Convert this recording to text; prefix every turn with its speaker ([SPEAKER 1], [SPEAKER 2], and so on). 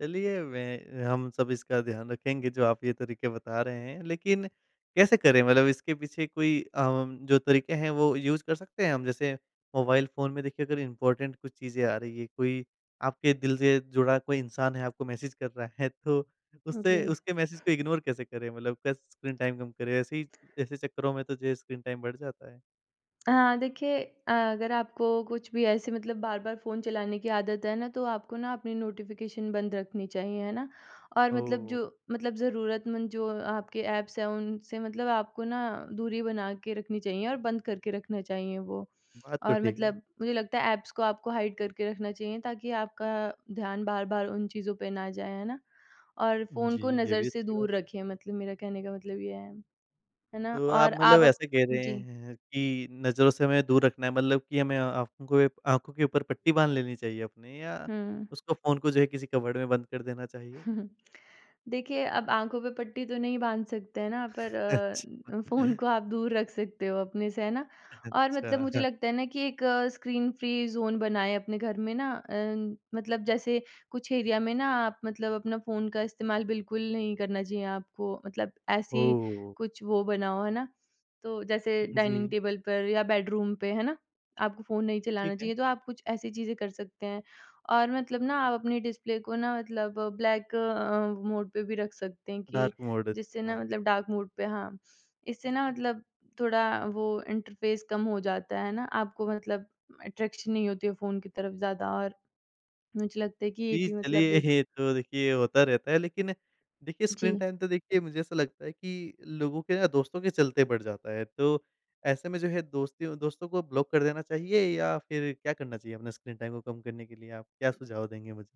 [SPEAKER 1] चलिए, वह हम सब इसका ध्यान रखेंगे जो आप ये तरीके बता रहे हैं, लेकिन कैसे करें मतलब इसके पीछे कोई आम जो तरीके हैं, वो यूज़ कर सकते हैं हम? जैसे मोबाइल फ़ोन में देखिए अगर इम्पोर्टेन्ट कुछ चीज़ें आ रही हैं, कोई आपके दिल से जुड़ा कोई इंसान है आपको मैसेज कर रहा है तो
[SPEAKER 2] उ,
[SPEAKER 1] उससे
[SPEAKER 2] जी।
[SPEAKER 1] उसके मैसेज को इग्नोर कैसे करें? मतलब कैस स्क्रीन टाइम कम करें? ऐसे ही ऐसे चक्करों में तो जो है स्क्रीन टाइम बढ़ जाता है।
[SPEAKER 2] हाँ, देखिए अ, अगर आपको कुछ भी ऐसे मतलब बार-बार फ़ोन चलाने की आदत है ना, तो आपको ना अपनी नोटिफ़िकेशन बंद रखनी चाहिए। है ना? और मतलब जो
[SPEAKER 1] ओह!
[SPEAKER 2] मतलब ज़रूरतमंद जो आपके ऐप्स हैं, उनसे मतलब आपको ना दूरी बना के रखनी चाहिए और बंद करके रखने चाहिए वो।
[SPEAKER 1] बात तो
[SPEAKER 2] और
[SPEAKER 1] ठीक है।
[SPEAKER 2] मतलब मुझे लगता है ऐप्स को आपको हाइड करके रखना चाहिए ताकि आपका ध्यान बार-बार उन चीज़ों पे ना जाए। है ना? और फ़ोन
[SPEAKER 1] जी,
[SPEAKER 2] को
[SPEAKER 1] ये
[SPEAKER 2] नज़र
[SPEAKER 1] भी
[SPEAKER 2] से
[SPEAKER 1] अच्छी बात।
[SPEAKER 2] दूर रखें मतलब मेरे कहने का मतलब ये है। है ना?
[SPEAKER 1] तो आप
[SPEAKER 2] और
[SPEAKER 1] मतलब
[SPEAKER 2] आप अप
[SPEAKER 1] ऐसे कह रहे
[SPEAKER 2] जी।
[SPEAKER 1] हैं कि नज़रों से हमें दूर रखना है मतलब कि हमें आँखों को आँखों के ऊपर पट्टी बाँध लेनी चाहिए अपनी या
[SPEAKER 2] हुँ।
[SPEAKER 1] उसको फ़ोन को जो है किसी कवर्ड में बंद कर देना चाहिए?
[SPEAKER 2] देखिए, अब आँखों पे पट्टी तो नहीं बाँध सकते हैं ना? पर अ, फ़ोन
[SPEAKER 1] अच्छा।
[SPEAKER 2] को आप दूर रख सकते हो अपने से। है ना? और मतलब मुझे
[SPEAKER 1] अच्छा।
[SPEAKER 2] लगता है ना कि एक स्क्रीन फ़्री ज़ोन बनाएँ अपने घर में ना अम, मतलब जैसे कुछ एरिया में ना आप मतलब अपना फ़ोन का इस्तेमाल बिल्कुल नहीं करना चाहिए आपको, मतलब
[SPEAKER 1] ओह!
[SPEAKER 2] ऐसी
[SPEAKER 1] हो!
[SPEAKER 2] कुछ वो बनाओ, है ना? तो जैसे डाइनिंग
[SPEAKER 1] जी।
[SPEAKER 2] टेबल पर या बेडरूम पे। है ना? आपको फ़ोन नहीं चलाना
[SPEAKER 1] ठीक है।
[SPEAKER 2] चाहिए तो आप कुछ ऐसी चीज़ें कर सकते हैं, और मतलब ना आप अपने डिस्प्ले को ना मतलब ब्लैक अ, मोड पे भी रख सकते हैं
[SPEAKER 1] डार्क
[SPEAKER 2] कि
[SPEAKER 1] मोड
[SPEAKER 2] जिससे ना
[SPEAKER 1] अच्छा।
[SPEAKER 2] मतलब डार्क मोड पे हाँ। इससे ना मतलब थोड़ा वो इंटरफ़ेस कम हो जाता है, है ना? आपको मतलब म अट्रैक्शन नहीं होती है फ़ोन की तरफ ज़्यादा और मुझे लगता है कि ये
[SPEAKER 1] जी,
[SPEAKER 2] भी मतलब
[SPEAKER 1] चलिए
[SPEAKER 2] एक
[SPEAKER 1] ये तो देखिए होता रहता है लेकिन देखिए, स्क्रीन
[SPEAKER 2] जी।
[SPEAKER 1] टाइम तो देखिए मुझे ऐसा लगता है कि लोगों के ना दोस्तों के चलते बढ़ जाता है। तो ऐसे में जो है दोस्ती दोस्तों को ब्लॉक कर देना चाहिए या फिर क्या करना चाहिए अपने स्क्रीन टाइम को कम करने के लिए? आप क्या सुझाव देंगे मुझे?